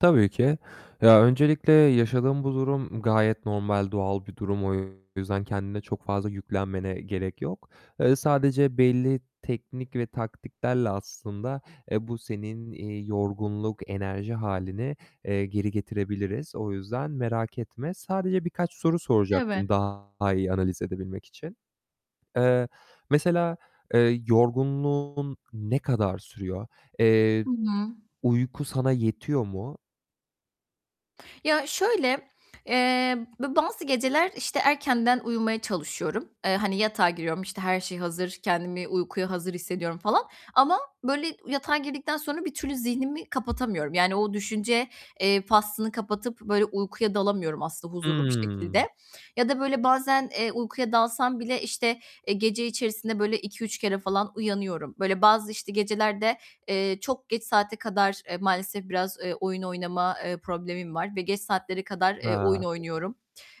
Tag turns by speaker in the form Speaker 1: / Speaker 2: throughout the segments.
Speaker 1: Tabii ki. Ya, öncelikle yaşadığın bu durum gayet normal, doğal bir durum. O yüzden kendine çok fazla yüklenmene gerek yok. Eee, sadece belli teknik ve taktiklerle aslında, eee, bu senin, iii, yorgunluk, enerji hâlini, eee, geri getirebiliriz. O yüzden merak etme. Sadece birkaç soru
Speaker 2: Evet.
Speaker 1: soracaktım daha iyi analiz edebilmek için. Eee, mesela, eee, yorgunluğun ne kadar sürüyor? Eee,
Speaker 2: Hı hı.
Speaker 1: uyku sana yetiyor mu?
Speaker 2: Ya şöyle, eee, b bazı geceler, işte, erkenden uyumaya çalışıyorum. Eee, hani, yatağa giriyorum, işte, her şey hazır, kendimi uykuya hazır hissediyorum falan. Ama, böyle, yatağa girdikten sonra bir türlü zihnimi kapatamıyorum. Yani o düşünce, eee, faslını kapatıp, böyle, uykuya dalamıyorum aslında huzurlu bir
Speaker 1: Hıı.
Speaker 2: şekilde. Ya da böyle bazen, eee, uykuya dalsam bile, işte, eee, gece içerisinde, böyle, 2-3 kere falan uyanıyorum. Böyle bazı, işte, gecelerde, eee, çok geç saate kadar, eee, maalesef biraz, eee, oyun oynama, eee, problemim var ve geç saatlere kadar, eee, oyun
Speaker 1: Hıı.
Speaker 2: oynuyorum.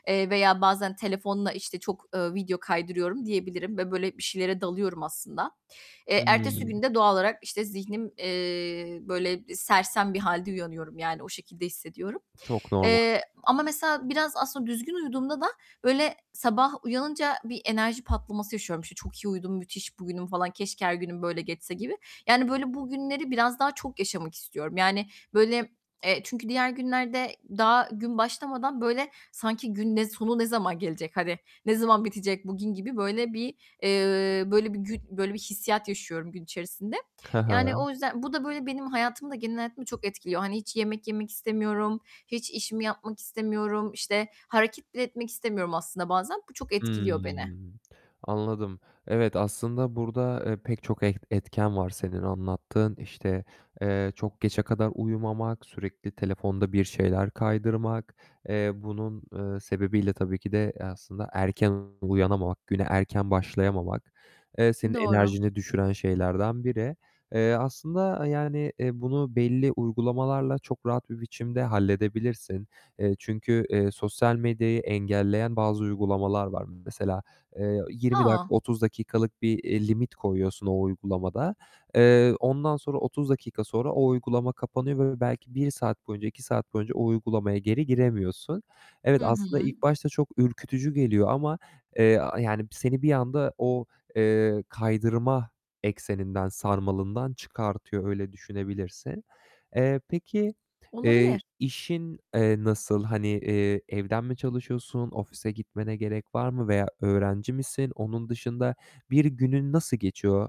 Speaker 2: Eee, veya bazen telefonla, işte, çok, eee, video kaydırıyorum diyebilirim ve, böyle, bir şeylere dalıyorum aslında.
Speaker 1: Hı
Speaker 2: Eee, ertesi
Speaker 1: hı.
Speaker 2: gün de doğal olarak, işte, zihnim, eee, böyle, sersem bir halde uyanıyorum, yani o şekilde hissediyorum.
Speaker 1: Çok normal.
Speaker 2: Eee, ama mesela biraz aslında düzgün uyuduğumda da, böyle, sabah uyanınca bir enerji patlaması yaşıyorum. İşte, "Çok iyi uyudum, müthiş bugünüm falan, keşke her günüm böyle geçse." gibi. Yani böyle bugünleri biraz daha çok yaşamak istiyorum. Yani, böyle, eee, çünkü diğer günlerde daha gün başlamadan, böyle, sanki, "Gün ne sonu ne zaman gelecek, hani, ne zaman bitecek bugün?" gibi böyle bir, eee, böyle, bir gün böyle bir hissiyat yaşıyorum gün içerisinde.
Speaker 1: Hı
Speaker 2: Yani
Speaker 1: hı.
Speaker 2: o yüzden bu da böyle benim hayatımı da genel hayatımı çok etkiliyor. Hani, hiç yemek yemek istemiyorum, hiç işimi yapmak istemiyorum, işte, hareket bile etmek istemiyorum aslında bazen. Bu çok
Speaker 1: Hıı,
Speaker 2: etkiliyor beni.
Speaker 1: anladım. Evet, aslında burada, eee, pek çok et etken var senin anlattığın. İşte, eee, çok geçe kadar uyumamak, sürekli telefonda bir şeyler kaydırmak. Eee, bunun, eee, sebebiyle tabii ki de, eee, aslında erken uyanamamak, güne erken başlayamamak, eee, senin
Speaker 2: Doğru.
Speaker 1: enerjini düşüren şeylerden biri. Eee, aslında, eee, yani, eee, bunu belli uygulamalarla çok rahat bir biçimde halledebilirsin. Eee, çünkü, eee, sosyal medyayı engelleyen bazı uygulamalar var. Mesela, eee, 20 dakika,
Speaker 2: A!
Speaker 1: 30 dakikalık bir, eee, limit koyuyorsun o uygulamada. Eee, ondan sonra 30 dakika sonra o uygulama kapanıyor ve belki 1 saat boyunca, 2 saat boyunca o uygulamaya geri giremiyorsun.
Speaker 2: Hı
Speaker 1: Evet, aslında
Speaker 2: hı.
Speaker 1: ilk başta çok ürkütücü geliyor ama, eee, a yani seni bir anda o, eee, kaydırma ekseninden, sarmalından çıkartıyor, öyle düşünebilirsin. Eee, peki, eee,
Speaker 2: Olabilir.
Speaker 1: işin, eee, nasıl? Hani, eee, evden mi çalışıyorsun, ofise gitmene gerek var mı veya öğrenci misin? Onun dışında bir günün nasıl geçiyor